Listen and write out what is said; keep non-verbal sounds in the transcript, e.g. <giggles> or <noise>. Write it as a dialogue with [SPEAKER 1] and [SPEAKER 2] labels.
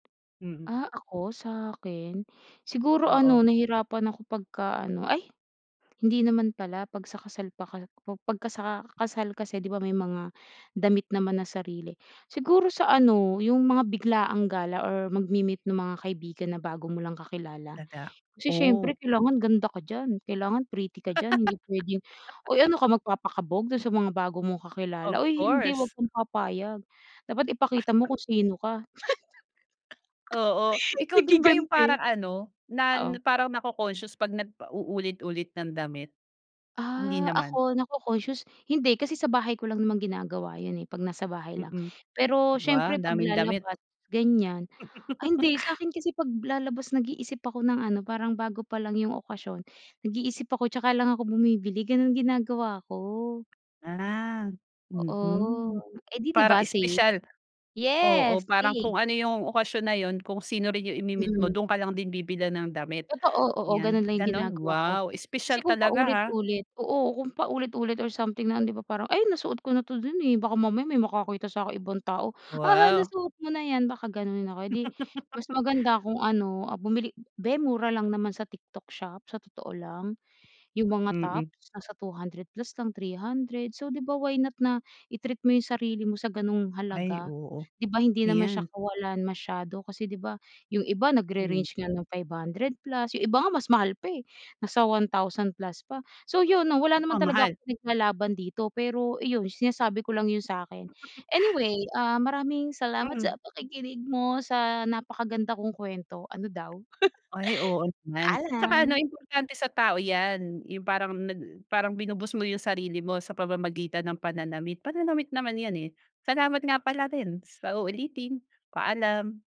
[SPEAKER 1] Mhm.
[SPEAKER 2] Ah, ako sakin, siguro ano
[SPEAKER 1] Oo.
[SPEAKER 2] nahirapan ako pagka ano. Ay, hindi naman pala pag sa kasal paka kub pagka sa kasal kasi 'di ba may mga damit naman na sarili. Siguro sa ano yung mga biglaang gala or magmi-meet ng mga kaibigan na bago mo lang kakilala.
[SPEAKER 1] Daga,
[SPEAKER 2] Kasi
[SPEAKER 1] oh.
[SPEAKER 2] siyempre kailangan ganda ka diyan, kailangan pretty ka diyan, hindi p'wedeng, oy ano
[SPEAKER 1] <laughs>
[SPEAKER 2] ka magpapakabog dun sa mga bago mong
[SPEAKER 1] Of
[SPEAKER 2] kakilala? Oy, hindi wag
[SPEAKER 1] course.
[SPEAKER 2] kang papayag. Dapat ipakita mo kung sino ka.
[SPEAKER 1] Oo,
[SPEAKER 2] <laughs>
[SPEAKER 1] ikaw din ba yung
[SPEAKER 2] Naghiganti.
[SPEAKER 1] parang ano, na n
[SPEAKER 2] Oo.
[SPEAKER 1] parang nako-conscious 'pag nag pa uulit-ulit ng damit? Hindi
[SPEAKER 2] Ah,
[SPEAKER 1] naman?
[SPEAKER 2] ako nako-concious? Hindi, kasi sa bahay ko lang naman ginagawa yun, eh, pag nasa bahay lang.
[SPEAKER 1] Mm.
[SPEAKER 2] Pero
[SPEAKER 1] Wow,
[SPEAKER 2] siyempre
[SPEAKER 1] ang daming damit.
[SPEAKER 2] paglalabas gan'yan. Ay
[SPEAKER 1] <laughs>
[SPEAKER 2] hindi sakin kasi paglalabas nag-iisip ako ng ano parang bago pa lang yung okasyon, nag-iisip ako 'tsaka lang ako bumibili ganun ginagawa ko.
[SPEAKER 1] Ah,
[SPEAKER 2] Oo.
[SPEAKER 1] mm.
[SPEAKER 2] Eh, 'di
[SPEAKER 1] Para
[SPEAKER 2] ba safe.
[SPEAKER 1] espesyal oo
[SPEAKER 2] Yes
[SPEAKER 1] parang
[SPEAKER 2] safe.
[SPEAKER 1] kung ano yung okasyon na yun, kung sino rin yung imi-meet mo,
[SPEAKER 2] Mm.
[SPEAKER 1] dun ka lang din bibilhan ng damit,
[SPEAKER 2] Totoo, oo. Oo,
[SPEAKER 1] yan
[SPEAKER 2] ganun lang yung
[SPEAKER 1] ganun?
[SPEAKER 2] ginagawa ko.
[SPEAKER 1] Wow,
[SPEAKER 2] Kasi
[SPEAKER 1] espesyal
[SPEAKER 2] kung
[SPEAKER 1] talaga, ha.
[SPEAKER 2] paulit-ulit oo kung paulit-ulit or something na 'di ba parang, "Ay nasuot ko na 'to dun, eh". Baka mamaya may makakita saking ibang tao, "haha,
[SPEAKER 1] Wow.
[SPEAKER 2] nasuot mo na yan" baka ganonin ako. Eh, 'di mas
[SPEAKER 1] <laughs>
[SPEAKER 2] maganda kung ano, ah, bumili be mura lang naman sa TikTok shop, sa totoo lang. Yung mga
[SPEAKER 1] Mm.
[SPEAKER 2] tops, nasa 200 plus lang 300. So, di ba, why not na i-treat mo yung sarili mo sa gano'ng
[SPEAKER 1] Ay,
[SPEAKER 2] halaga.
[SPEAKER 1] oo.
[SPEAKER 2] 'Di ba hindi naman siya
[SPEAKER 1] Ayan.
[SPEAKER 2] kawalan masyado kasi 'di ba yung iba
[SPEAKER 1] Hmm.
[SPEAKER 2] nagre-range nga ng 500 plus, yung iba nga mas mahal pa, eh, nasa 1,000 plus pa. So, yun 'no, wala naman
[SPEAKER 1] Nako,
[SPEAKER 2] talaga
[SPEAKER 1] mahal.
[SPEAKER 2] akong pinaglalaban dito, pero iyon sinasabi ko lang yun sakin.
[SPEAKER 1] <chuckles>
[SPEAKER 2] Anyway, ah, maraming salamat sa
[SPEAKER 1] Mhm.
[SPEAKER 2] pakikinig mo sa napakaganda kong kwento, ano daw.
[SPEAKER 1] Ay oo
[SPEAKER 2] <giggles>
[SPEAKER 1] naman, at saka ano
[SPEAKER 2] Paalam.
[SPEAKER 1] importante sa tao yan. Yung parang nag parang binu-boost mo yung sarili mo sa pamamagitan ng pananamit, pananamit naman yan, eh. Salamat nga pala rin sa uulitin. Paalam.